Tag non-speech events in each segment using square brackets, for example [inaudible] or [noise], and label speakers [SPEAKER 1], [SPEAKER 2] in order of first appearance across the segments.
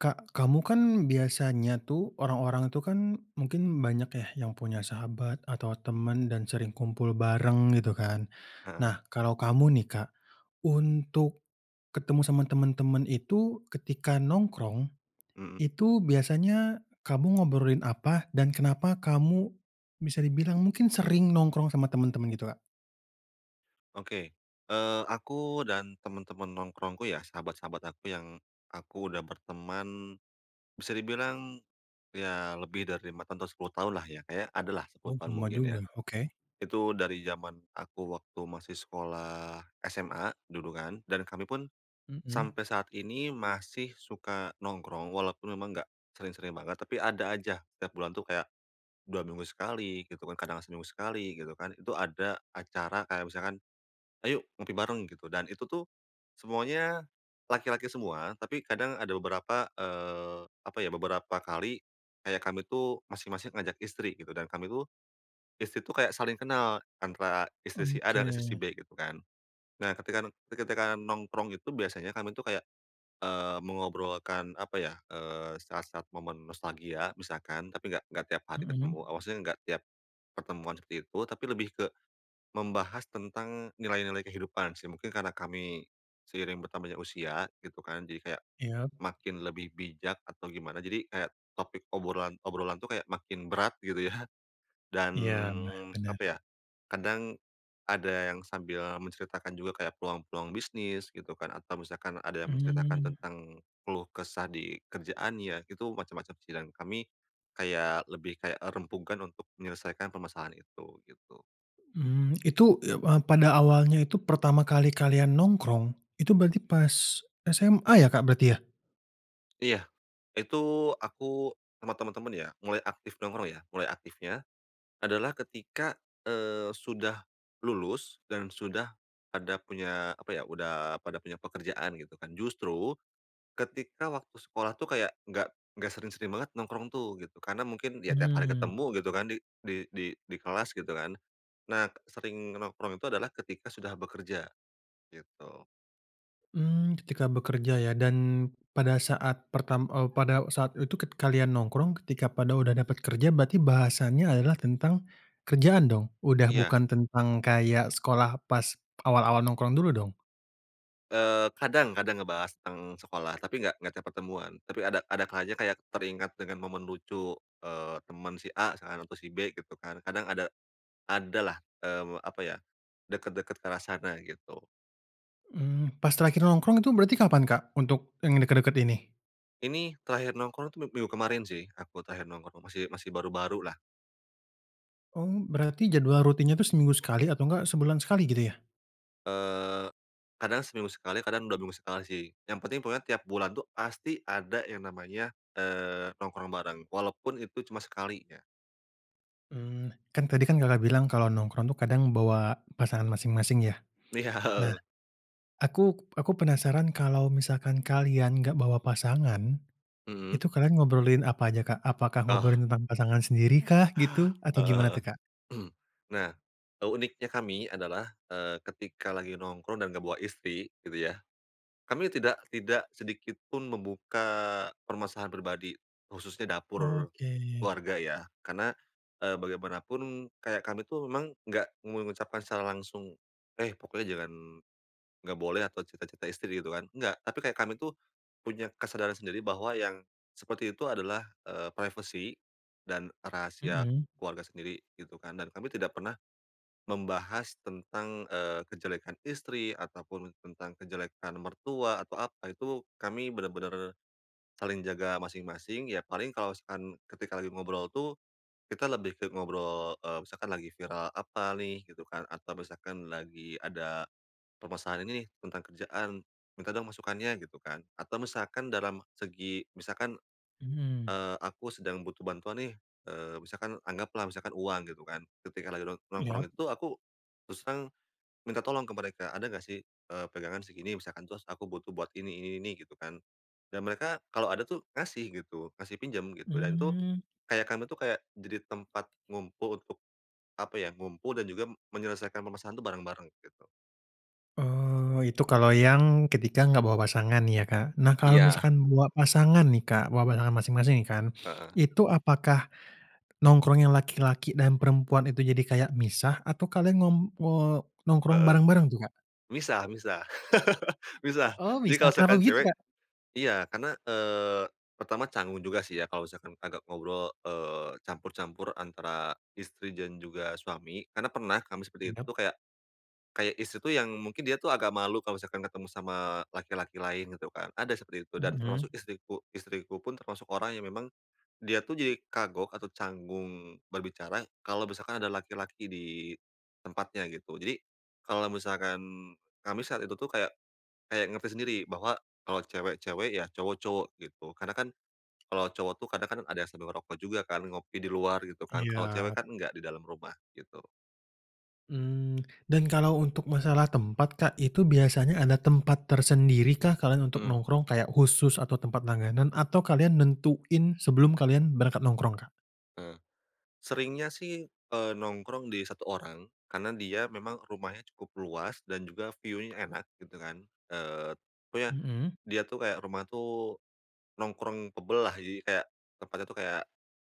[SPEAKER 1] Kak, kamu kan biasanya tuh, orang-orang itu kan mungkin banyak ya yang punya sahabat atau teman dan sering kumpul bareng gitu kan.
[SPEAKER 2] Heeh.
[SPEAKER 1] Nah kalau kamu nih, Kak, untuk ketemu sama temen-temen itu, ketika nongkrong,
[SPEAKER 2] Mhm.
[SPEAKER 1] itu biasanya kamu ngobrolin apa dan kenapa kamu bisa dibilang, mungkin sering nongkrong sama temen-temen gitu Kak?
[SPEAKER 2] Oke, eee, aku dan teman-teman nongkrongku ya, sahabat-sahabat aku yang aku udah berteman, bisa dibilang, ya lebih dari 5 tahun, atau 10 tahun lah ya, Kak, ya, ada lah
[SPEAKER 1] Oh,
[SPEAKER 2] 10 tahun
[SPEAKER 1] lama
[SPEAKER 2] mungkin
[SPEAKER 1] juga.
[SPEAKER 2] ya.
[SPEAKER 1] Oke.
[SPEAKER 2] Itu dari jaman aku waktu masih sekolah SMA dulu kan, dan kami pun
[SPEAKER 1] Mhm.
[SPEAKER 2] sampai saat ini masih suka nongkrong walaupun memang nggak sering-sering banget. Tapi ada aja tiap bulan tuh kayak, 2 minggu sekali gitu kan, kadang seminggu sekali gitu kan, itu ada acara kayak misalkan, "Ayo ngopi bareng," gitu, dan itu tuh semuanya laki-laki semua, tapi kadang ada beberapa, eee, apa ya, beberapa kali kayak kami tuh masing-masing ngajak istri gitu, dan kami tuh, istri tuh kayak saling kenal antara istri si A dan istri si
[SPEAKER 1] Oke.
[SPEAKER 2] B gitu kan. Nah ketika ketika nongkrong gitu biasanya kami tuh kayak, eee, mengobrolkan, apa ya, eee, saat-saat momen nostalgia misalkan, tapi nggak nggak tiap hari ketemu
[SPEAKER 1] Mhm.
[SPEAKER 2] ah, maksudnya nggak tiap pertemuan seperti itu, tapi lebih ke membahas tentang nilai-nilai kehidupan sih. Mungkin karena kami seiring bertambahnya usia gitu kan jadi kayak,
[SPEAKER 1] Iya.
[SPEAKER 2] makin lebih bijak atau gimana, jadi kayak topik obrolan-obrolan tuh kayak makin berat gitu ya. Dan,
[SPEAKER 1] Iya, nah bener.
[SPEAKER 2] apa ya, kadang ada yang sambil menceritakan juga kayak peluang-peluang bisnis gitu kan, atau misalkan ada yang menceritakan
[SPEAKER 1] Mmm.
[SPEAKER 2] tentang keluh kesah di kerjaannya. Itu macam-macam sih dan kami kayak, lebih kayak rembukan untuk menyelesaikan permasalahan itu, gitu.
[SPEAKER 1] Mmm, itu, eee, a pada awalnya itu pertama kali kalian nongkrong, itu berarti pas SMA ya, Kak, berarti ya?
[SPEAKER 2] Iya. Itu aku sama teman-teman ya, mulai aktif nongkrong ya, mulai aktifnya adalah ketika, eee, sudah lulus dan sudah ada punya, apa ya, udah pada punya pekerjaan gitu kan. Justru ketika waktu sekolah tuh kayak nggak nggak sering-sering banget nongkrong tuh gitu, karena mungkin ya tiap hari
[SPEAKER 1] Mmm.
[SPEAKER 2] ketemu gitu kan di di di di kelas gitu kan. Nah, sering nongkrong itu adalah ketika sudah bekerja, gitu.
[SPEAKER 1] Mmm, ketika bekerja ya, dan pada saat pertam eee, pada saat itu ket kalian nongkrong ketika pada udah dapat kerja, berarti bahasannya adalah tentang kerjaan dong? Udah
[SPEAKER 2] Iya.
[SPEAKER 1] bukan tentang kayak sekolah pas awal-awal nongkrong dulu dong?
[SPEAKER 2] Eee, kadang kadang ngebahas tentang sekolah, tapi nggak nggak tiap pertemuan. Tapi ada ada kalanya kayak teringat dengan momen lucu, eee, teman si A misalkan atau si B gitu kan, kadang ada adalah, eee, apa ya, dekat-dekat ke arah sana gitu.
[SPEAKER 1] Mmm, pas terakhir nongkrong itu berarti kapan, Kak? Untuk yang dekat-dekat ini?
[SPEAKER 2] Ini terakhir nongkrong itu mi minggu kemarin sih aku terakhir nongkrong, masih masih baru-baru, lah.
[SPEAKER 1] Oh, berarti jadwal rutinnya itu seminggu sekali atau enggak sebulan sekali, gitu ya?
[SPEAKER 2] Eee, kadang seminggu sekali, kadang 2 minggu sekali sih. Yang penting pokoknya tiap bulan tuh pasti ada yang namanya, eee, nongkrong bareng, walaupun itu cuma sekali ya.
[SPEAKER 1] Mmm, kan tadi kan Kakak bilang kalau nongkrong tuh kadang bawa pasangan masing-masing, ya.
[SPEAKER 2] Li ya,
[SPEAKER 1] Nah,
[SPEAKER 2] heeh [chuckles]
[SPEAKER 1] aku aku penasaran kalau misalkan kalian enggak bawa pasangan,
[SPEAKER 2] Mhm.
[SPEAKER 1] itu kalian ngobrolin apa aja, Kak? Apakah
[SPEAKER 2] Oh.
[SPEAKER 1] ngobrolin tentang pasangan sendiri kah gitu atau
[SPEAKER 2] Heeh
[SPEAKER 1] gimana
[SPEAKER 2] heeh.
[SPEAKER 1] tuh, Kak?
[SPEAKER 2] [clears throat] Nah, eee, uniknya kami adalah, eee, ketika lagi nongkrong dan enggak bawa istri, gitu ya. Kami tidak tidak sedikit pun membuka permasalahan pribadi, khususnya dapur
[SPEAKER 1] Oke.
[SPEAKER 2] keluarga, ya. Karena, eee, bagaimanapun kayak kami tuh memang nggak mengucapkan secara langsung, "Eh, pokoknya jangan, enggak boleh atau cerita-cerita istri," gitu kan. Enggak. Tapi kayak kami tuh, punya kesadaran sendiri bahwa yang seperti itu adalah, eee, privacy dan rahasia
[SPEAKER 1] Mhm.
[SPEAKER 2] keluarga sendiri, gitu kan, dan kami tidak pernah membahas tentang, eee, kejelekan istri ataupun tentang kejelekan mertua atau apa, itu kami benar-benar saling jaga masing-masing, ya paling kalau misalkan ketika lagi ngobrol tuh, kita lebih ke ngobrol, eee, misalkan lagi viral apa nih, gitu kan, atau misalkan lagi ada permasalahan ini nih tentang kerjaan, minta dong masukannya, gitu kan, atau misalkan dalam segi misalkan,
[SPEAKER 1] Mhm.
[SPEAKER 2] eee, aku sedang butuh bantuan nih, eee, misalkan anggaplah misalkan uang, gitu kan, ketika lagi nong nongkrong
[SPEAKER 1] Iyap.
[SPEAKER 2] itu aku terus terang minta tolong ke mereka ada enggak sih, eee, pegangan segini misalkan terus aku butuh buat ini ini ini, gitu kan, dan mereka kalau ada tuh ngasih gitu, ngasih pinjam gitu dan itu
[SPEAKER 1] Mmm.
[SPEAKER 2] kayak kami tuh kayak jadi tempat ngumpul untuk, apa ya, ngumpul dan juga menyelesaikan permasalahan tuh bareng-bareng, gitu.
[SPEAKER 1] Oh, itu kalau yang ketika enggak bawa pasangan ya, Kak. Nah, kalau
[SPEAKER 2] Iya.
[SPEAKER 1] misalkan bawa pasangan nih, Kak, bawa pasangan masing-masing kan.
[SPEAKER 2] Heeh.
[SPEAKER 1] Itu apakah nongkrong yang laki-laki dan perempuan itu jadi kayak misah atau kalian ngem eee, nongkrong
[SPEAKER 2] Heeh,
[SPEAKER 1] bareng-bareng tuh, Kak?
[SPEAKER 2] misah misah, [laughs] misah,
[SPEAKER 1] Oh,
[SPEAKER 2] jadi kalau
[SPEAKER 1] misah? Kenapa
[SPEAKER 2] misalkan
[SPEAKER 1] begitu,
[SPEAKER 2] cewek
[SPEAKER 1] Kak?
[SPEAKER 2] iya, karena, eee, pertama canggung juga sih ya, kalau misalkan agak ngobrol, eee, campur-campur antara istri dan juga suami. Karena pernah kami seperti
[SPEAKER 1] Indem
[SPEAKER 2] itu kayak kayak istri tuh yang mungkin dia tuh agak malu kalau misalkan ketemu sama laki-laki lain, gitu kan. Ada seperti itu dan termasuk
[SPEAKER 1] Mhm.
[SPEAKER 2] istriku. Istriku pun termasuk orang yang memang dia tuh jadi kagok atau canggung berbicara kalau misalkan ada laki-laki di tempatnya, gitu. Jadi, kalau misalkan kami saat itu tuh kayak kayak ngerti sendiri bahwa kalau cewek cewek ya, cowok cowok, gitu. Karena kan, kalau cowok tuh kadang kan ada yang sama ngerokok juga kan, ngopi di luar gitu kan, kalau cewek
[SPEAKER 1] Iya.
[SPEAKER 2] kan enggak di dalam rumah, gitu.
[SPEAKER 1] Mmm, dan kalau untuk masalah tempat, Kak, itu biasanya ada tempat tersendiri kah, kalian untuk
[SPEAKER 2] Mhm.
[SPEAKER 1] nongkrong kayak khusus atau tempat langganan atau kalian nentuin sebelum kalian berangkat nongkrong, Kak?
[SPEAKER 2] Heeh, seringnya sih, eee, nongkrong di 1 orang, karena dia memang rumahnya cukup luas dan juga view-nya enak gitu kan, eee, pokoknya
[SPEAKER 1] Mhm.
[SPEAKER 2] dia tuh kayak rumah tuh, nongkrong-able lah. Jadi kayak tempatnya tuh kayak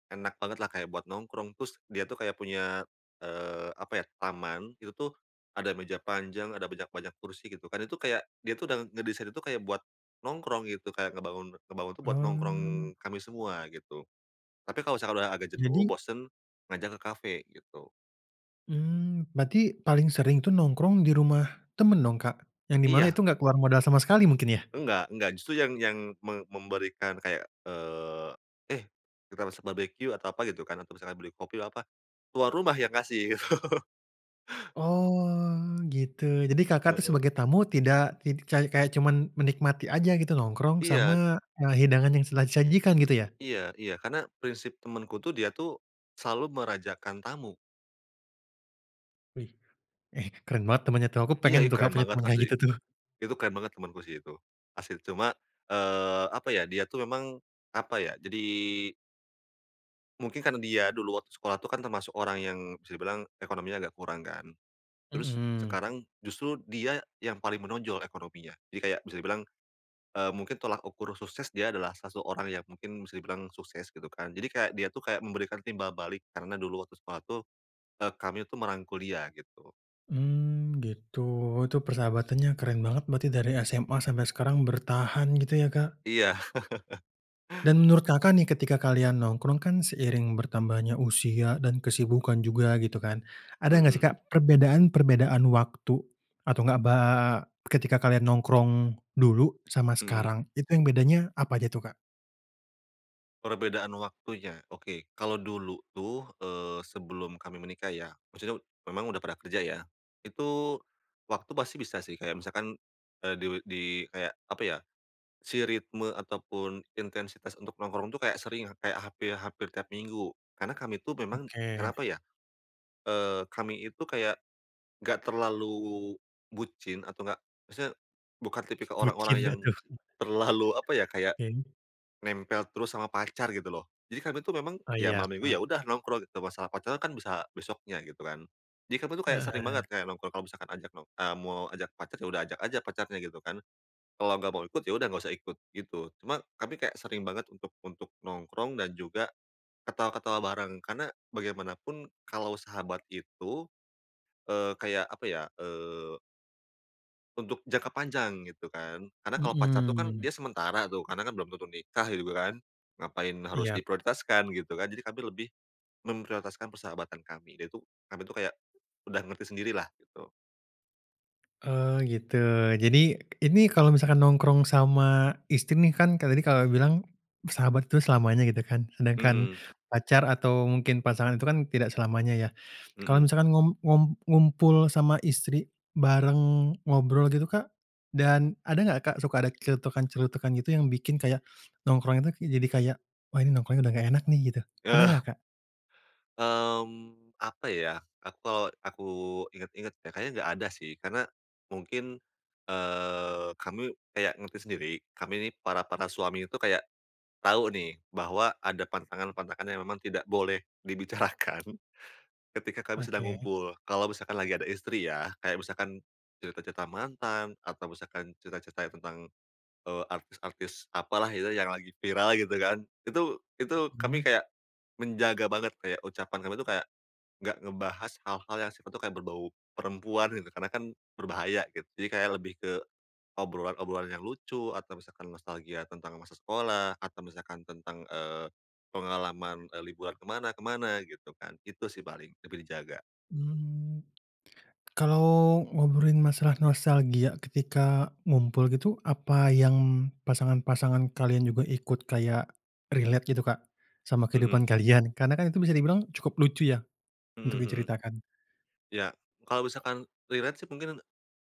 [SPEAKER 2] enak banget lah, kayak buat nongkrong terus dia tuh kayak punya, eee, apa ya, taman, itu tuh ada meja panjang, ada banyak-banyak kursi gitu kan, itu kayak dia tuh udah ngedesain itu kayak buat nongkrong, gitu. Kayak ngebangun ngebangun itu buat nongkrong
[SPEAKER 1] Oh.
[SPEAKER 2] kami semua, gitu. Tapi kalau misalkan udah agak jenuh,
[SPEAKER 1] Jadi?
[SPEAKER 2] bosen, ngajak ke kafe, gitu.
[SPEAKER 1] Mmm, berarti paling sering tuh nongkrong di rumah teman dong, Kak? Yang di mana
[SPEAKER 2] Iya.
[SPEAKER 1] itu enggak keluar modal sama sekali mungkin, ya?
[SPEAKER 2] Enggak enggak justru yang yang me memberikan kayak, eee, eh, kita besok barbecue atau apa, gitu kan, atau misalnya beli kopi, apa, tuan rumah yang ngasih gitu. [laughs]
[SPEAKER 1] Oh gitu, jadi, Kakak tuh
[SPEAKER 2] Heeh.
[SPEAKER 1] sebagai tamu tidak ti kayak kayak cuman menikmati aja, gitu? Nongkrong sama,
[SPEAKER 2] Iya.
[SPEAKER 1] eee, hidangan yang telah disajikan, gitu ya?
[SPEAKER 2] Iya iya, karena prinsip temenku tuh, dia tuh selalu merajakan tamu.
[SPEAKER 1] Wih, eh, keren banget temannya tuh, aku
[SPEAKER 2] Iya,
[SPEAKER 1] pengen
[SPEAKER 2] ih,
[SPEAKER 1] tuh, Kak,
[SPEAKER 2] keren
[SPEAKER 1] punya
[SPEAKER 2] banget
[SPEAKER 1] teman kayak
[SPEAKER 2] asli.
[SPEAKER 1] gitu tuh.
[SPEAKER 2] Itu keren banget temanku sih itu, asli. Cuma, eee, apa ya, dia tuh memang apa ya jadi mungkin karena dia dulu waktu sekolah tu kan termasuk orang yang bisa dibilang ekonominya agak kurang, kan. Terus
[SPEAKER 1] Mhm.
[SPEAKER 2] sekarang justru dia yang paling menonjol ekonominya. Jadi kayak bisa dibilang, eee, mungkin tolak ukur sukses dia adalah salah satu orang yang mungkin bisa dibilang sukses, gitu kan. Jadi kayak dia tuh kayak memberikan timbal balik karena dulu waktu sekolah itu, eee, kami tuh merangkul dia, gitu.
[SPEAKER 1] Mmm, gitu. Itu persahabatannya keren banget berarti, dari SMA sampai sekarang bertahan, gitu ya, Kak.
[SPEAKER 2] Iya. [laughs]
[SPEAKER 1] Dan menurut Kakak nih, ketika kalian nongkrong kan, seiring bertambahnya usia dan kesibukan juga gitu kan, ada enggak sih,
[SPEAKER 2] Mhm.
[SPEAKER 1] Kak, perbedaan-perbedaan waktu atau enggak ba ketika kalian nongkrong dulu sama
[SPEAKER 2] Mhm.
[SPEAKER 1] sekarang, itu yang bedanya apa aja tuh, Kak?
[SPEAKER 2] Perbedaan waktunya. Oke. Kalau dulu tuh, eee, sebelum kami menikah ya, maksudnya memang udah pernah kerja ya. Itu waktu pasti bisa sih, kayak misalkan, eee, di di kayak, apa ya, si ritme ataupun intensitas untuk nongkrong itu kayak sering, kayak hampir hampir tiap minggu. Karena kami tuh memang
[SPEAKER 1] Oke.
[SPEAKER 2] kenapa ya, eee, kami itu kayak enggak terlalu bucin atau enggak maksudnya bukan tipikal orang-orang
[SPEAKER 1] Bucin enggak
[SPEAKER 2] yang,
[SPEAKER 1] tuh.
[SPEAKER 2] terlalu apa ya
[SPEAKER 1] [chuckles]
[SPEAKER 2] kayak,
[SPEAKER 1] Oke.
[SPEAKER 2] nempel terus sama pacar, gitu loh. Jadi kami itu memang,
[SPEAKER 1] Oh
[SPEAKER 2] ya
[SPEAKER 1] iya,
[SPEAKER 2] malam minggu ya
[SPEAKER 1] paham.
[SPEAKER 2] udah nongkrong gitu masalah pacar kan bisa besoknya, gitu kan. Jadi kami tu kayak sering
[SPEAKER 1] Eh.
[SPEAKER 2] banget kayak nongkrong kalau misalkan ajak no eee, mau ajak pacar, ya udah ajak aja pacarnya, gitu kan. Kalau enggak mau ikut, ya udah enggak usah ikut, gitu. Cuman kami kayak sering banget untuk untuk nongkrong dan juga ketawa-ketawa bareng, karena bagaimanapun kalau sahabat itu, eee, kayak apa ya, eee untuk jangka panjang, gitu kan. Karena kalau pacar itu kan,
[SPEAKER 1] Mhm.
[SPEAKER 2] dia sementara tuh, karena kan belum tentu nikah, gitu kan. Ngapain harus
[SPEAKER 1] Iyap.
[SPEAKER 2] diprioritaskan, gitu kan. Jadi kami lebih, memprioritaskan persahabatan kami. Nah itu, kami itu kayak udah ngerti sendiri lah gitu.
[SPEAKER 1] Oh gitu. Jadi, ini kalau misalkan nongkrong sama istri nih kan, kayak tadi Kakak, bilang sahabat itu selamanya gitu kan, sedangkan
[SPEAKER 2] Mhm.
[SPEAKER 1] pacar atau mungkin pasangan itu kan tidak selamanya ya. Kalau
[SPEAKER 2] Mhm.
[SPEAKER 1] misalkan ngum ngum ngumpul sama istri, bareng ngobrol gitu Kak, dan ada enggak Kak, suka ada celetukan-celetukan gitu yang bikin kayak nongkrong itu ke jadi kayak wah ini nongkrongnya, udah enggak enak nih gitu. Pernah enggak
[SPEAKER 2] Eh.
[SPEAKER 1] Kak?
[SPEAKER 2] Mmm, apa ya. Atau aku ingat-ingat ya kayaknya enggak ada sih, karena mungkin eee, kami kayak ngerti sendiri kami ini para-para suami itu kayak tahu nih, bahwa ada pantangan-pantangan yang memang tidak boleh dibicarakan ketika kami sedang
[SPEAKER 1] Oke.
[SPEAKER 2] ngumpul, kalau misalkan lagi ada istri ya. Kayak misalkan cerita-cerita mantan atau misalkan cerita-cerita tentang eee, artis-artis apalah itu yang lagi viral gitu kan. Itu itu
[SPEAKER 1] Mmm.
[SPEAKER 2] kami kayak menjaga banget, kayak ucapan kami tuh kayak enggak ngebahas hal-hal yang sifatnya tuh kayak berbau perempuan, gitu. Karena kan berbahaya gitu, jadi kayak lebih ke obrolan-obrolan yang lucu atau misalkan nostalgia tentang masa sekolah atau misalkan tentang eee, pengalaman kayak liburan ke mana ke mana gitu kan. Itu sih paling, lebih dijaga.
[SPEAKER 1] Mmm. Kalau ngobrolin masalah nostalgia ketika ngumpul gitu, apa yang pasangan-pasangan kalian juga ikut kayak relate gitu Kak, sama
[SPEAKER 2] Mhm.
[SPEAKER 1] kehidupan kalian? Karena kan itu bisa dibilang cukup lucu ya,
[SPEAKER 2] Mhm,
[SPEAKER 1] untuk
[SPEAKER 2] mhm.
[SPEAKER 1] diceritakan.
[SPEAKER 2] Ya, kalau misalkan relate sih mungkin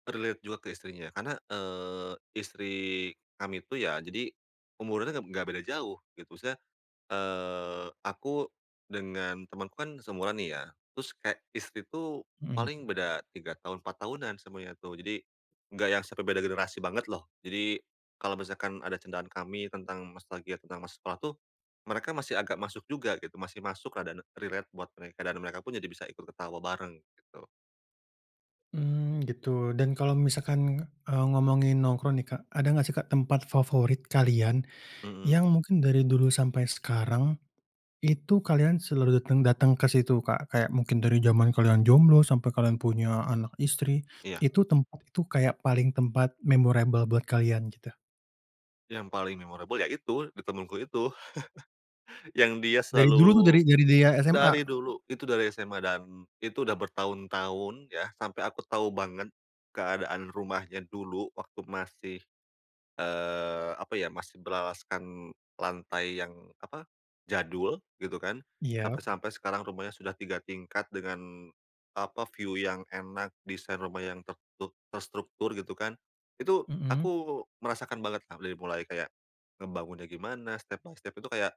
[SPEAKER 2] relate juga ke istrinya. Karena eee, istri kami itu ya jadi umurnya tuh enggak enggak beda jauh, gitu. Maksudnya eee, aku dengan temanku kan seumuran nih ya, terus kayak istri tuh
[SPEAKER 1] Mhm.
[SPEAKER 2] paling beda 3 tahun 4 tahunan semuanya tuh. Jadi enggak yang 1 beda generasi banget loh. Jadi, kalau misalkan ada candaan kami tentang nostalgia tentang masa sekolah tuh, mereka masih agak masuk juga gitu, masih masuk keadaan relate buat mereka dan mereka pun jadi bisa ikut ketawa bareng, gitu.
[SPEAKER 1] Mmm, gitu. Dan kalau misalkan eee, ngomongin nongkrong nih Kak. Ada enggak sih Kak, tempat favorit kalian,
[SPEAKER 2] Mhm.
[SPEAKER 1] yang mungkin dari dulu sampai sekarang, itu kalian selalu dateng dateng ke situ Kak, kayak mungkin dari jaman kalian jomblo sampai kalian punya anak, istri,
[SPEAKER 2] Iya.
[SPEAKER 1] itu tempat itu kayak paling tempat memorable buat kalian, gitu.
[SPEAKER 2] Yang paling memorable ya itu, di temanku itu. [chuckles] Yang dia
[SPEAKER 1] Dari dulu tuh,
[SPEAKER 2] selalu
[SPEAKER 1] dari dari dia SMA?
[SPEAKER 2] dari dulu. Itu dari SMA dan itu udah bertahun-tahun ya, sampai aku tahu banget keadaan rumahnya dulu waktu masih eee, apa ya masih beralaskan lantai yang apa, jadul gitu kan.
[SPEAKER 1] Iya?
[SPEAKER 2] Sampai-sampai sekarang rumahnya sudah 3 tingkat dengan apa view yang enak, desain rumah yang tertur terstruktur gitu kan. Itu,
[SPEAKER 1] Mhm.
[SPEAKER 2] aku merasakan banget lah, dari mulai kayak ngebangunnya gimana step by step itu kayak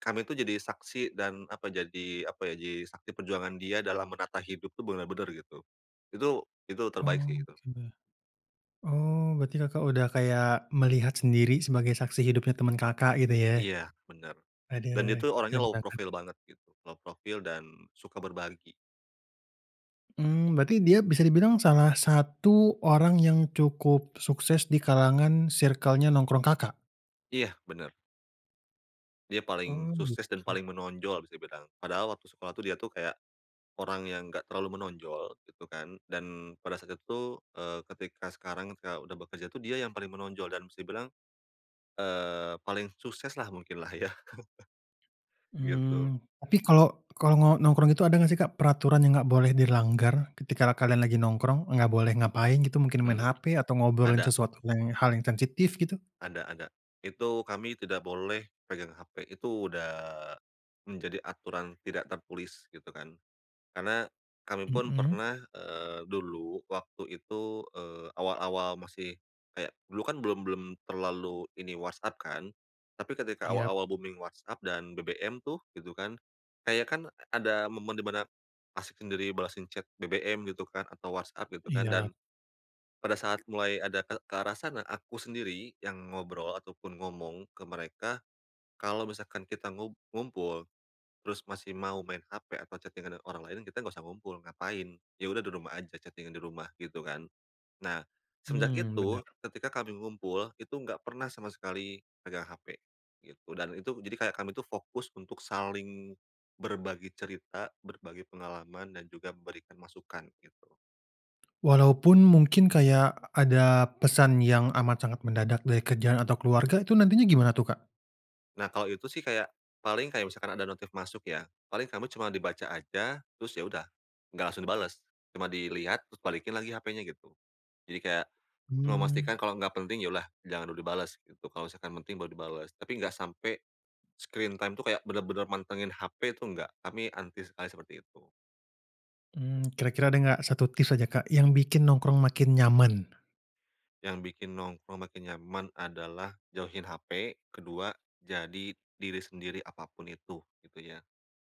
[SPEAKER 2] kami itu jadi saksi dan apa jadi, apa ya jadi saksi perjuangan dia dalam menata hidup tuh, benar-benar gitu. Itu itu terbaik sih, gitu.
[SPEAKER 1] Oke deh. Oh, berarti Kakak, udah kayak melihat sendiri sebagai saksi hidupnya temen Kakak, gitu ya.
[SPEAKER 2] Iya bener
[SPEAKER 1] Aduh,
[SPEAKER 2] dan itu orangnya
[SPEAKER 1] keren
[SPEAKER 2] low
[SPEAKER 1] banget.
[SPEAKER 2] profil banget gitu. Low profil dan suka berbagi.
[SPEAKER 1] Mmm, berarti dia bisa dibilang salah satu orang yang cukup sukses di kalangan circle-nya nongkrong Kakak?
[SPEAKER 2] Iya, benar. Dia paling
[SPEAKER 1] Oh,
[SPEAKER 2] sukses dan
[SPEAKER 1] begitu.
[SPEAKER 2] paling menonjol, bisa dibilang padahal waktu sekolah tuh dia tuh kayak, orang yang enggak terlalu menonjol, gitu kan dan pada saat itu, eee, ketika sekarang kita udah bekerja tuh dia yang paling menonjol dan bisa dibilang, eee, paling sukses lah, mungkin lah ya. [chuckles] Gitu.
[SPEAKER 1] Mmm, tapi kalo kalo no nongkrong itu ada enggak sih Kak, peraturan yang gak boleh dilanggar ketika kalian lagi nongkrong, enggak boleh ngapain gitu mungkin main
[SPEAKER 2] Mhm,
[SPEAKER 1] hp atau ngobrolin
[SPEAKER 2] ada.
[SPEAKER 1] sesuatu yang hal yang sensitif, gitu?
[SPEAKER 2] Ada ada, itu kami tidak boleh pegang HP, itu udah menjadi aturan tidak tertulis gitu kan. Karena kami pun
[SPEAKER 1] Mhm.
[SPEAKER 2] pernah, eee, dulu waktu itu, eee, awal-awal masih kayak dulu kan belum belum terlalu ini WhatsApp kan, tapi ketika
[SPEAKER 1] Iya.
[SPEAKER 2] awal-awal booming WhatsApp dan BBM tuh, gitu kan kayak kan ada momen di mana, asyik sendiri balasin chat BBM gitu kan atau WhatsApp gitu kan,
[SPEAKER 1] Iya.
[SPEAKER 2] dan, pada saat mulai ada ke ke arah sana, aku sendiri yang ngobrol ataupun ngomong ke mereka, kalau misalkan kita ngu ngumpul, terus masih mau main HP atau chatting-an orang lain kita enggak usah ngumpul, ngapain, ya udah di rumah aja chating-an di rumah gitu kan. Nah, semenjak
[SPEAKER 1] Mmm,
[SPEAKER 2] itu,
[SPEAKER 1] benar.
[SPEAKER 2] ketika kami ngumpul, itu enggak pernah sama sekali pegang HP, gitu dan itu jadi kayak kami itu fokus untuk saling, berbagi cerita, berbagi pengalaman dan juga memberikan masukan gitu.
[SPEAKER 1] Walaupun mungkin kaya ada pesan yang amat sangat mendadak dari kerjaan atau keluarga, itu nantinya gimana tuh Kak?
[SPEAKER 2] Nah, kalau itu sih kayak, paling kayak misalkan ada notif masuk ya, paling kamu cuma dibaca aja terus ya udah. Enggak langsung dibales cuma dilihat, terus balikin lagi HP-nya gitu. Jadi, kayak cuma memastikan
[SPEAKER 1] Mmm.
[SPEAKER 2] kalau enggak penting ya udahlah, jangan dulu dibales gitu kalau misalkan penting baru dibales. Tapi, enggak sampai, screen time itu kayak benar-benar mantengin HP itu enggak, kami anti sekali seperti itu.
[SPEAKER 1] Mmm, kira-kira ada enggak 1 tips aja Kak, yang bikin nongkrong makin nyaman?
[SPEAKER 2] Yang bikin nongkrong makin nyaman adalah jauhin HP, kedua jadi diri sendiri apapun itu, gitu ya.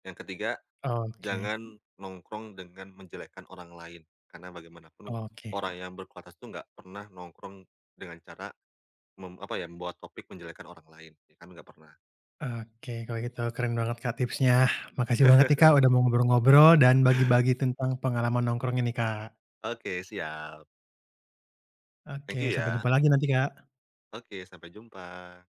[SPEAKER 2] Yang ketiga,
[SPEAKER 1] Oke.
[SPEAKER 2] jangan nongkrong dengan menjelekkan orang lain, karena bagaimanapun
[SPEAKER 1] Oke.
[SPEAKER 2] orang yang berkualitas itu enggak pernah nongkrong dengan cara, mem apa ya membawa topik menjelekkan orang lain, ya kami enggak pernah.
[SPEAKER 1] Oke, kalau gitu. Keren banget Kak, tips-nya. Makasih banget nih Kak,
[SPEAKER 2] [chuckles]
[SPEAKER 1] udah mau ngobrol-ngobrol dan bagi-bagi tentang pengalaman nongkrong ini Kak.
[SPEAKER 2] Oke, siap. Thank
[SPEAKER 1] Oke,
[SPEAKER 2] you
[SPEAKER 1] sampai
[SPEAKER 2] ya.
[SPEAKER 1] jumpa lagi nanti Kak.
[SPEAKER 2] Oke sampai jumpa!